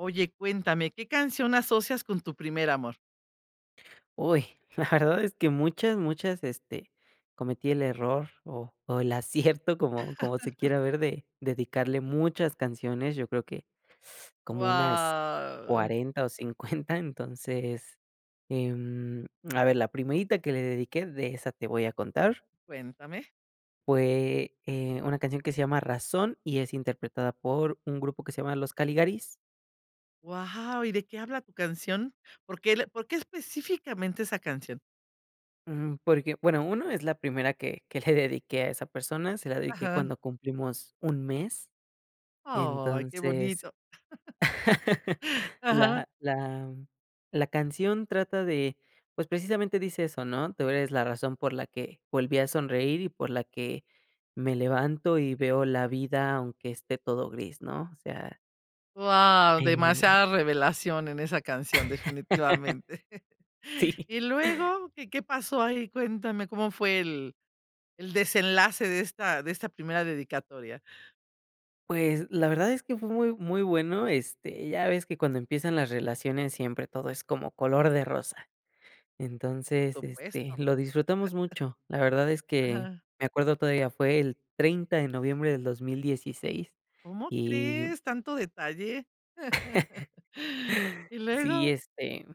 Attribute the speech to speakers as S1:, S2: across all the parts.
S1: Oye, cuéntame, ¿qué canción asocias con tu primer amor?
S2: Uy, la verdad es que muchas, muchas este cometí el error o o el acierto como como se quiera ver, de dedicarle muchas canciones. Yo creo que como unas
S1: Wao.
S2: 40 o 50, entonces, em, a ver, la primerita que le dediqué, de esa te voy a contar.
S1: Cuéntame.
S2: Fue, eh, una canción que se llama Razón y es interpretada por un grupo que se llama Los Caligaris.
S1: Wao, ¿y de qué habla tu canción? ¿Por qué el por qué específicamente esa canción?
S2: Ujú, porque, bueno, uno, es la primera que que le dediqué a esa persona, se la dediqué
S1: Ajá.
S2: cuando cumplimos un mes.
S1: Ay, qué
S2: Entonces,
S1: bonito, ajá.
S2: la la la canción trata de pues precisamente dice eso, ¿no? "Tú eres la razón por la que volví a sonreír y por la que me levanto y veo la vida aunque esté todo gris", ¿no? O sea
S1: Wao,
S2: Eh.
S1: demasiada revelación en esa canción, definitivamente.
S2: Sí.
S1: ¿Y luego? ¿Qué qué pasó ahí? Cuéntame, ¿cómo fue el el desenlace de esta de esta primera dedicatoria?
S2: Pues, la verdad es que fue muy muy bueno, este, ya ves que cuando empiezan las relaciones siempre todo es como color de rosa.
S1: Por
S2: Entonces, este,
S1: supuesto.
S2: lo disfrutamos mucho. La verdad es que
S1: Ajá.
S2: me acuerdo todavía fue el 30, de noviembre del 2016,
S1: ¿Cómo
S2: y
S1: crees, tanto detalle? ¿Y
S2: Sí,
S1: luego?
S2: este,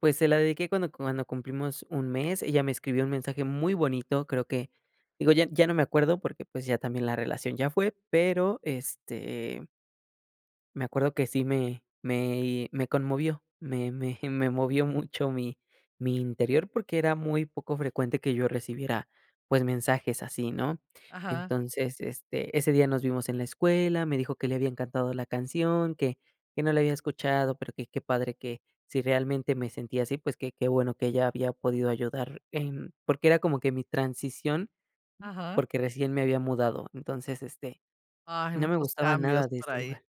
S2: pues, se la dedique cuando cuando cumplimos 1, mes, ella me escribió un mensaje muy bonito, creo que, digo, ya ya no me acuerdo, porque, pues ya también la relación ya fue pero este me acuerdo que sí me me conmovió, me me me movió mucho, mi mi interior, porque, era muy poco frecuente que yo recibiera, pues, mensajes así, ¿no?
S1: Ajá.
S2: Entonces, este, ese día nos vimos en la escuela, me dijo que le había encantado la canción, que que no la había escuchado, pero, que qué padre que si realmente me sentía así, pues, qué qué bueno que ella había podido ayudar en porque, era como que mi transición,
S1: Ajá.
S2: porque, recién me había mudado. Entonces, este,
S1: Ay,
S2: no me
S1: muchos
S2: gustaba
S1: cambios
S2: nada de
S1: por
S2: este
S1: ahí.
S2: lugar.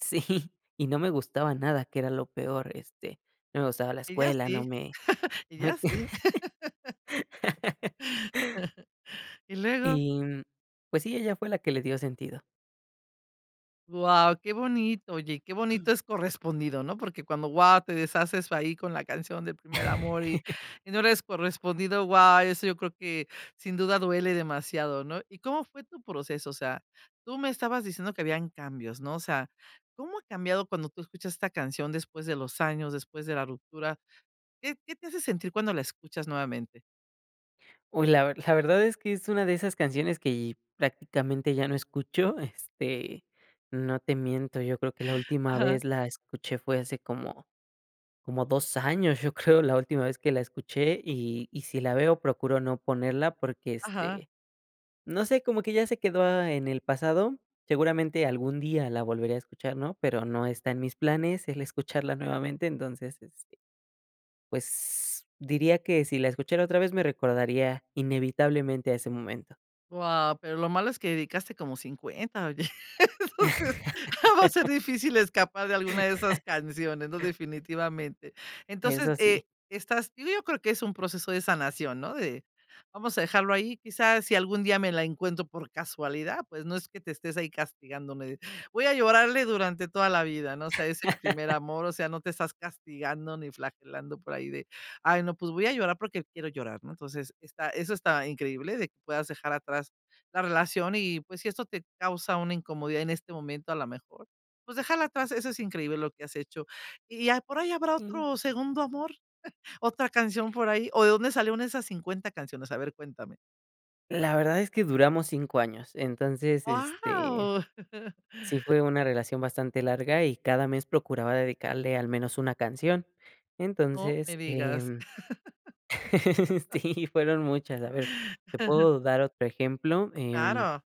S2: Sí, y no me gustaba nada que era lo peor, este, no me gustaba la
S1: Ella
S2: escuela, no
S1: sí
S2: me no me
S1: ella sí. ¿Y luego?
S2: Y, mm, pues sí, ella fue la que le dio sentido.
S1: Guau, qué bonito. Oye, qué bonito es correspondido, ¿no? Porque cuando, guau, te deshaces ahí con la canción del primer amor y no eres correspondido. Guau, eso yo creo que sin duda duele demasiado, ¿no? ¿Y cómo fue tu proceso? O sea, tú me estabas diciendo que habían cambios, ¿no? O sea, ¿cómo ha cambiado cuando tú escuchas esta canción después de los años, después de la ruptura? ¿Qué qué te hace sentir cuando la escuchas nuevamente?
S2: Uy, la ver la verdad es que es una de esas canciones que prácticamente ya no escucho. Este, no te miento, yo creo que la última
S1: Ajá.
S2: vez la escuché fue hace como como 2 años, yo creo, la última vez que la escuché y y si la veo, procuro no ponerla porque,
S1: Ajá.
S2: este, no sé, como que ya se quedó en el pasado, seguramente algún día la volvería a escuchar, ¿no?, pero no está en mis planes el escucharla nuevamente, entonces, este, pues, diría que si la escuchara otra vez, me recordaría inevitablemente a ese momento.
S1: Guau. Pero lo malo es que dedicaste como 50, oye. Entonces va a ser difícil escapar de alguna de esas canciones, ¿no?, definitivamente. Entonces,
S2: Eso sí.
S1: eh, estás Yo creo que es un proceso de sanación, ¿no?, de vamos a dejarlo ahí, quizás si algún día me la encuentro por casualidad, pues no es que te estés ahí castigándome. Voy a llorarle durante toda la vida, ¿no?, o sea ese primer amor, o sea, no te estás castigando ni flagelando por ahí de: "Ay, no, pues voy a llorar porque quiero llorar", ¿no? Entonces, está eso está increíble, de que puedas dejar atrás la relación y, pues, si esto te causa una incomodidad en este momento, a la mejor, pues déjala atrás, eso es increíble lo que has hecho. ¿Y ya por ahí habrá
S2: Mm.
S1: otro segundo amor? ¿Otra canción por ahí? ¿O de dónde salieron esas 50 canciones? A ver, cuéntame.
S2: La verdad es que duramos 5 años entonces, este,
S1: Guau.
S2: sí fue una relación bastante larga y cada mes procuraba dedicarle al menos una canción.
S1: No me
S2: Entonces,
S1: digas.
S2: em, sí fueron muchas. A ver, te puedo dar otro ejemplo, em
S1: Claro.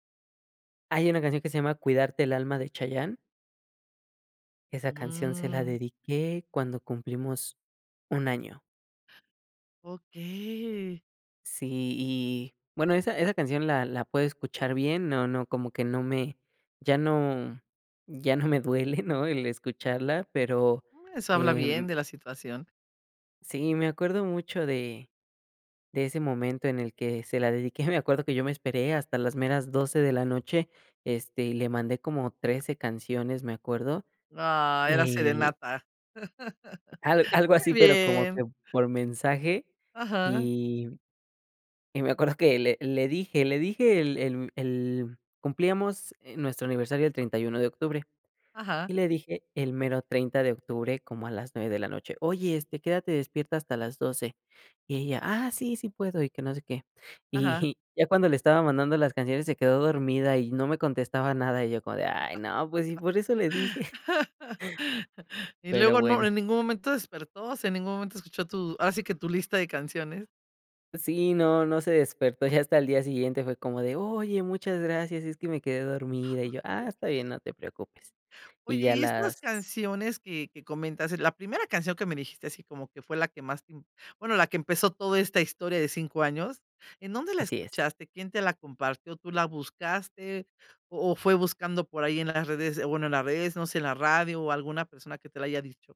S2: hay una canción que se llama Cuidarte el alma de Chayanne. Esa canción se la
S1: Mm.
S2: dediqué cuando cumplimos 1, año.
S1: Okey.
S2: Sí y bueno esa esa canción la la puedo escuchar bien, no no como que no me ya no ya no me duele, ¿no? El escucharla, pero,
S1: Eso habla
S2: em
S1: bien de la situación.
S2: sí me acuerdo mucho de de ese momento en el que se la dediqué, me acuerdo que yo me esperé hasta las meras 12 de la noche, este, y le mandé como 13 canciones, me acuerdo,
S1: Ah, era
S2: eh
S1: serenata.
S2: a algo así
S1: Muy
S2: pero como
S1: bien.
S2: que por mensaje
S1: Ajá.
S2: y y me acuerdo que le le dije le dije el el el cumplíamos, eh, nuestro aniversario el 31, de octubre
S1: Ajá.
S2: y le dije el mero 30 de octubre como a las 9 de la noche. Oye, este, quédate despierta hasta las 12. Y ella: "Ah, sí sí puedo", y que no sé qué.
S1: Ajá.
S2: Y ya cuando le estaba mandando las canciones se quedó dormida y no me contestaba nada, y yo como de, ay no, pues, si por eso le dije.
S1: Y
S2: Pero,
S1: luego no,
S2: bueno.
S1: en ningún momento despertó, se en ningún momento escuchó tu ahora sí que tu lista de canciones.
S2: Sí, no, no se despertó ya hasta el día siguiente, fue como de: "Oye, muchas gracias, es que me quedé dormida", y yo: "Ah, está bien,
S1: Okey.
S2: no te preocupes",
S1: Oye,
S2: y ya
S1: ¿y estas
S2: las
S1: canciones que que comentas?, eh, la primera canción que me dijiste así como que fue la que más te im bueno, la que empezó toda esta historia de 5 años, ¿en dónde la
S2: Así es.
S1: escuchaste? ¿Quién te la compartió? ¿Tú la buscaste? ¿O o fue buscando por ahí en las redes, bueno, en las redes, no sé, en la radio, o alguna persona que te la haya dicho?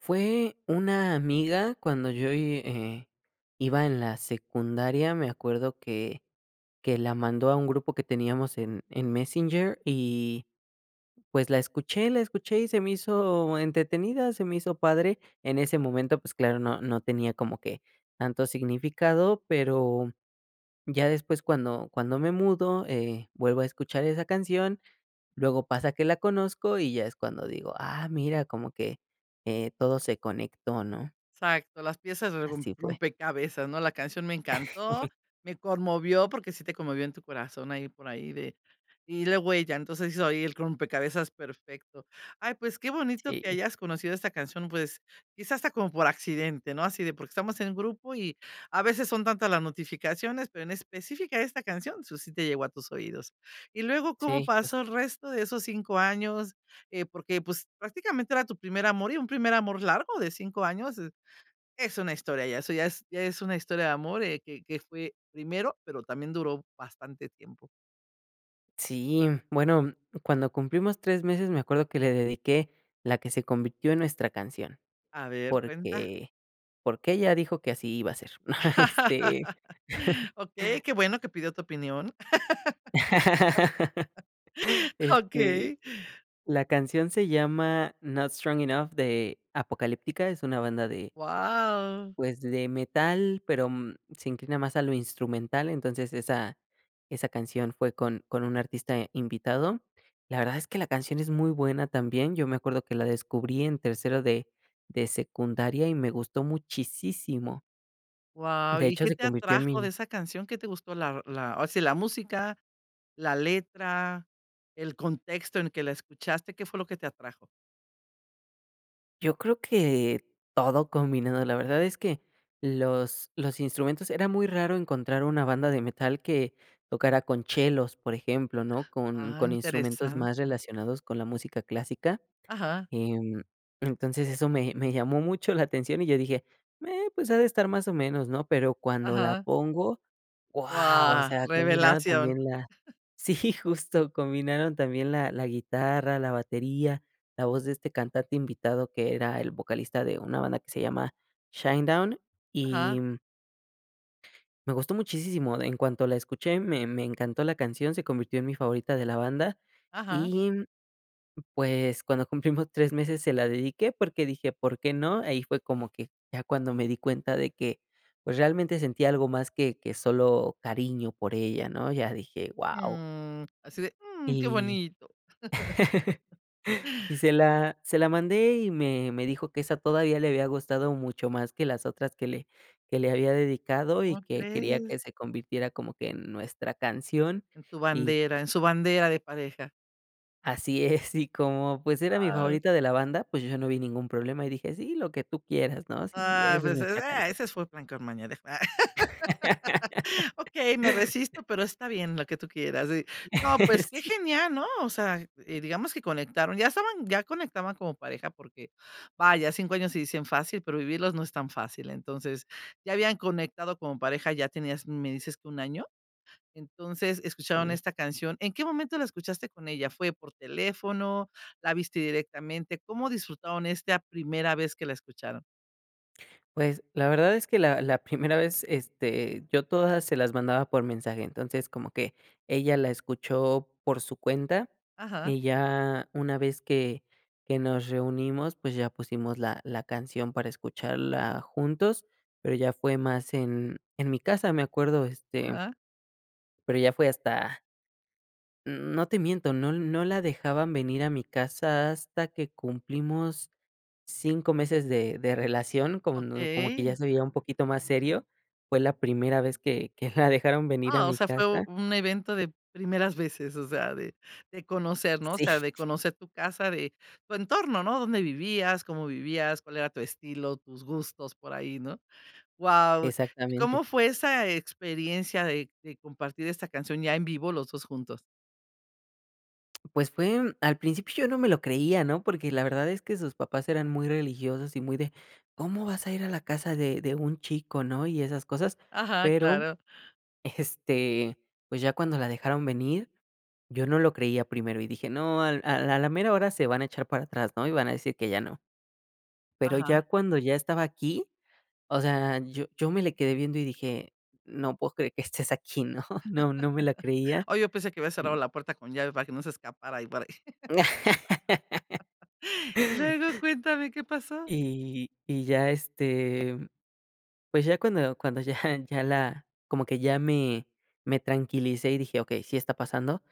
S2: Fue una amiga cuando yo y eh, iba en la secundaria, me acuerdo que que la mandó a un grupo que teníamos en en Messenger y, pues, la escuché la escuché y se me hizo entretenida, se me hizo padre. En ese momento, pues, claro, no no tenía como que tanto significado, pero ya después cuando cuando me mudo, eh, vuelvo a escuchar esa canción, luego pasa que la conozco y ya es cuando digo: "Ah, mira, como que, eh, todo se conectó", ¿no?
S1: Exacto, las piezas de rom
S2: Así fue.
S1: rompecabezas, ¿no?, la canción me encantó, me conmovió porque sí te conmovió en tu corazón ahí por ahí de y la huella. Entonces hizo ahí el rompecabezas perfecto. Ay, pues qué bonito que
S2: Sí.
S1: hayas conocido esta canción, pues quizás hasta como por accidente, no así de porque estamos en grupo y a veces son tantas las notificaciones, pero en específica esta canción, eso sí te llegó a tus oídos. Y luego, ¿cómo
S2: Sí, jus
S1: pasó el resto de esos 5 años?, eh, porque, pues, prácticamente era tu primer amor y un primer amor largo de 5 años, eh, es una historia ya, eso ya es ya es una historia de amor, eh, que que fue primero, pero también duró bastante tiempo.
S2: Sí, bueno, cuando cumplimos 3 meses, me acuerdo que le dediqué la que se convirtió en nuestra canción.
S1: A ver, cuenta.
S2: Porque, porque ella dijo que así iba a ser, este
S1: Okey, qué bueno que pidió tu opinión,
S2: Este,
S1: okey.
S2: la canción se llama "Not Strong Enough" de Apocalyptica, es una banda de
S1: Wao.
S2: pues, de metal, pero, mm, se inclina más a lo instrumental. Entonces esa esa canción fue con con un artista invitado. La verdad es que la canción es muy buena también, yo me acuerdo que la descubrí en tercero de de secundaria y me gustó muchisísimo.
S1: Wao,
S2: De
S1: ¿y
S2: hecho
S1: qué
S2: se
S1: te
S2: convirtió en
S1: atrajo de
S2: mi
S1: esa canción? ¿Qué te gustó? La, la, ahora sí, la música, la letra, el contexto en que la escuchaste, ¿qué fue lo que te atrajo?
S2: Yo creo que todo combinado. La verdad es que los los instrumentos era muy raro encontrar una banda de metal que tocara con chelos, por ejemplo, ¿no? Con
S1: Ah,
S2: con instrumentos más
S1: interesante.
S2: relacionados con la música clásica,
S1: Ajá.
S2: em, entonces eso me me llamó mucho la atención, y yo dije: "Eh, pues, ha de estar más o menos, ¿no?" Pero, cuando la
S1: Ajá.
S2: pongo, ¡wao! O
S1: Wao,
S2: sea combinaron
S1: revelación.
S2: también la sí justo, combinaron también la la guitarra, la batería, la voz de este cantante invitado que era el vocalista de una banda que se llama Shine Down, y
S1: Ajá.
S2: mm me gustó muchisísimo. En cuanto la escuché, me me encantó la canción, se convirtió en mi favorita de la banda.
S1: Ajá.
S2: Y, mm, pues, cuando cumplimos 3 meses se la dedique, porque dije: "¿Por qué no?" Ahí fue como que, ya cuando me di cuenta de que, pues realmente sentía algo más que que solo cariño por ella, ¿no? Ya dije: "wao".
S1: Mm, así de mm, qué
S2: Y
S1: bonito.
S2: y se la se la mandé, y me me dijo que esa todavía le había gustado mucho más que las otras que le que le había dedicado, y
S1: ¿Cómo
S2: que quería
S1: crees?
S2: que se convirtiera como que en nuestra canción.
S1: En tu
S2: Y pues
S1: bandera, en su bandera de pareja.
S2: Así es, y como pues era mi favorita de la banda, pues, yo ya no vi ningún problema, y dije: "Sí, lo que tú quieras, ¿no? Sí,
S1: Ah,
S2: esa es
S1: pues, es,
S2: nuestra
S1: ah,
S2: canción".
S1: ese fue plan con maña de fans. "Okey, me resisto, pero está bien, lo que tú quieras". Y, no, pues qué
S2: Sí.
S1: genial, ¿no? O sea, eh, digamos que conectaron, ya estaban ya conectaban como pareja porque vaya, 5 años se dicen fácil, pero vivirlos no es tan fácil. Entonces ya habían conectado como pareja, ya tenías, me dices que ¿1 año? Entonces, escucharon
S2: Sí.
S1: esta canción. ¿En qué momento la escuchaste con ella? ¿Fue por teléfono? La viste directamente, ¿como disfrutaron esta primera vez que la escucharon?
S2: Pues, la verdad es que la la primera vez, este yo todas se las mandaba por mensaje. Entonces como que ella la escuchó por su cuenta,
S1: Ajá.
S2: y ya una vez que que nos reunimos, pues, ya pusimos la la canción para escucharla juntos, pero ya fue más en en mi casa, me acuerdo, este
S1: Ajá.
S2: pero ya fue hasta mm, no te miento, no no la dejaban venir a mi casa hasta hasta que cumplimos 5 meses de de relación, como no como que
S1: Okey.
S2: ya se veía un poquito más serio. Fue la primera vez que que la dejaron venir a
S1: Ah, o
S2: mi
S1: sea fue u
S2: casa.
S1: un evento de primeras veces, o sea, de de conocer, ¿no? O
S2: Sí.
S1: sea, de conocer tu casa, de tu entorno, ¿no? Dónde vivías, cómo vivías, cuál era tu estilo, tus gustos por ahí, ¿no? Guau. ¿Cómo
S2: Exactamente.
S1: fue esa experiencia de de compartir esta canción ya en vivo los 2 juntos?
S2: Pues fue al principio yo no me lo creía ¿no?, porque la verdad es que sus papás eran muy religiosos y muy de: "¿Cómo vas a ir a la casa de de un chico?", ¿no? Y esas cosas
S1: Ajá,
S2: pero,
S1: claro.
S2: este, pues ya cuando la dejaron venir yo no lo creía primero y dije: "No al al a la mera hora se van a echar para atrás", ¿no? Y van a decir que ya no. Pero ya
S1: Aja.
S2: cuando ya estaba aquí o sea yo yo me le quedé viendo y dije: "No puedo creer que estés aquí", ¿no? No no me la creía
S1: Ah, yo pensé que habías cerrado
S2: y
S1: la puerta con llave para que no se escapara ahí por ahí. Luego cuéntame, ¿qué pasó?
S2: Y y ya este, pues ya cuando cuando ya ya la como que ya me me tranquilicé y dije: "Okey, sí está pasando",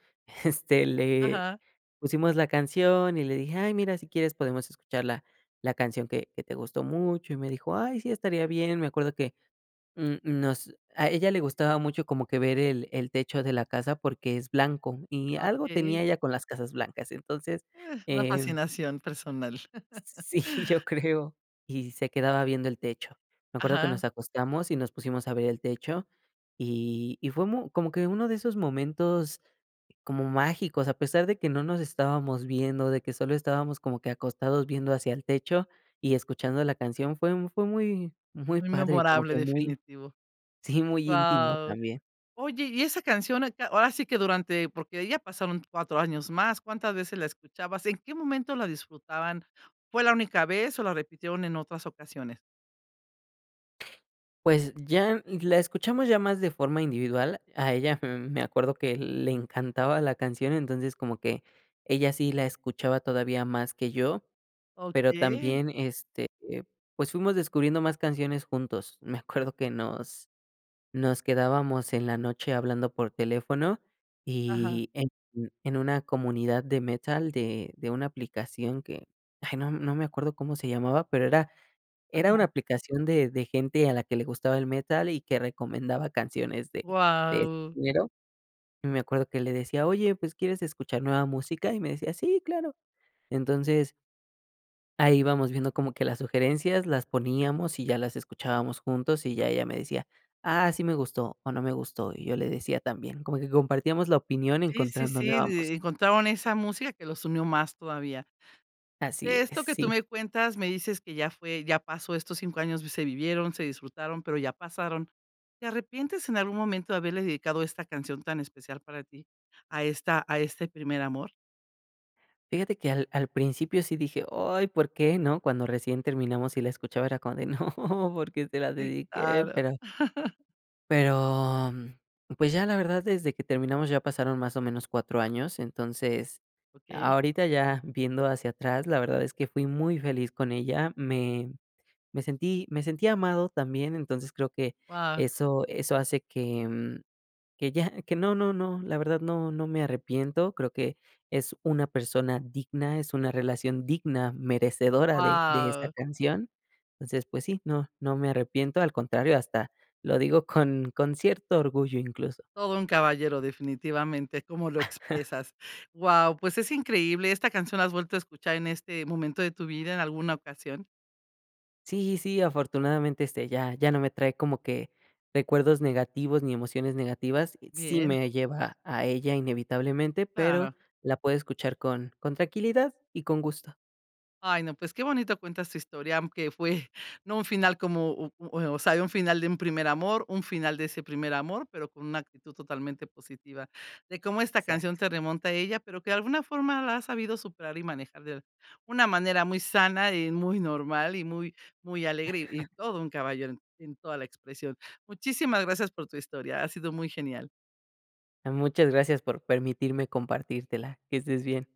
S2: este, le
S1: Ajá.
S2: pusimos la canción y le dije: "Ay mira, si quieres podemos escuchar la la canción que que te gustó mucho". Y me dijo: "Ay, sí, estaría bien". Me acuerdo que, mm, nos a ella le gustaba mucho como que ver el el techo de la casa porque es blanco y
S1: Ah,
S2: algo
S1: okey.
S2: tenía ella con las casas blancas. Entonces,
S1: Ah, una
S2: em
S1: fascinación personal.
S2: Sí, yo creo. Y se quedaba viendo el techo. Me acuerdo que
S1: Aja.
S2: nos acostamos y nos pusimos a ver el techo y y fue mu como que uno de esos momentos como mágicos, a pesar de que no nos estábamos viendo, de que solo estábamos como que acostados viendo hacia el techo y escuchando la canción, fue fue muy muy
S1: Muy
S2: padre, como
S1: memorable,
S2: que muy
S1: definitivo.
S2: sí, muy íntimo
S1: Guau.
S2: también.
S1: Oye, ¿y esa canción a qué? Ahora sí que durante porque ahí ya pasaron 4 años más. ¿Cuántas veces la escuchabas? ¿En qué momento la disfrutaban? ¿Fue la única vez o la repitieron en otras ocasiones?
S2: Pues ya la escuchamos ya más de forma individual, a ella, mm, me acuerdo que le encantaba la canción, entonces como que ella sí la escuchaba todavía más que yo, pero
S1: Okey.
S2: también, este, pues, fuimos descubriendo más canciones juntos, me acuerdo que nos nos quedábamos en la noche hablando por teléfono
S1: Ajá.
S2: y en en una comunidad de metal de de una aplicación que, ay, no no me acuerdo cómo se llamaba pero era era
S1: Ajá.
S2: una aplicación de de gente a la que le gustaba el metal y que recomendaba canciones de de este
S1: Guau.
S2: género y me acuerdo que le decía: "Oye pues, ¿quieres escuchar nueva música?", y me decía: "Sí claro", entonces ahí ibamos viendo como que las sugerencias las poníamos y ya las escuchábamos juntos y ya ella me decía: "Ah, sí me gustó o no me gustó", y yo le decía también, como que compartíamos la opinión
S1: Sí, sí,
S2: encontrando
S1: sí,
S2: nueva
S1: d
S2: música.
S1: encontraron esa música que los unió más todavía,
S2: Así
S1: de
S2: es,
S1: esto que tú
S2: sí.
S1: me cuentas, me dices que ya fue, ya pasó estos 5 años, v se vivieron, se disfrutaron, pero ya pasaron, ¿te arrepientes en algún momento de haberle dedicado esta canción tan especial para ti a esta a este primer amor?
S2: Fíjate que al al principio sí dije: "Ay, ¿por qué?", ¿no?, cuando recién terminamos y la escuchaba era como de, no, ¿por qué se la
S1: Sí,
S2: dedique?
S1: claro.
S2: Pero pero, pues ya, la verdad, desde que terminamos ya pasaron más o menos 4, años. Entonces,
S1: Okey.
S2: ahorita ya, viendo hacia atrás, la verdad es que fui muy feliz con ella. Me me sentí me sentí amado también, entonces creo que,
S1: Wao.
S2: eso eso hace que, mm, que ya que no no no, la verdad no no me arrepiento, creo que es una persona digna, es una relación digna, merecedora de de esta
S1: ¡Wao!
S2: canción. Entonces, pues sí, no no me arrepiento, al contrario, hasta lo digo con con cierto orgullo incluso.
S1: Todo un caballero definitivamente, cómo lo expresas. Wao, pues, es increíble esta canción, ¿la has vuelto a escuchar en este momento de tu vida en alguna ocasión?
S2: Sí, sí, afortunadamente, este, ya ya no me trae como que, recuerdos negativos, ni emociones negativas. Sí
S1: Bien.
S2: me lleva a ella inevitablemente, pero,
S1: Claro.
S2: la puedo escuchar con con tranquilidad y con gusto.
S1: Ay no, pues, qué bonito cuentas tu historia, aunque fue, no un final comoh uh, o o sea, hay un final de un primer amor, un final de ese primer amor, pero, con una actitud totalmente positiva. De cómo esta canción
S2: Exacto.
S1: te remonta a ella, pero que de alguna forma la has sabido superar y manejar de una manera muy sana, y muy normal, y muy muy alegre, y y todo un caballero en en toda la expresión. Muchísimas gracias por tu historia. Ha sido muy genial.
S2: Muchas gracias por permitirme compartírtela, que estés bien.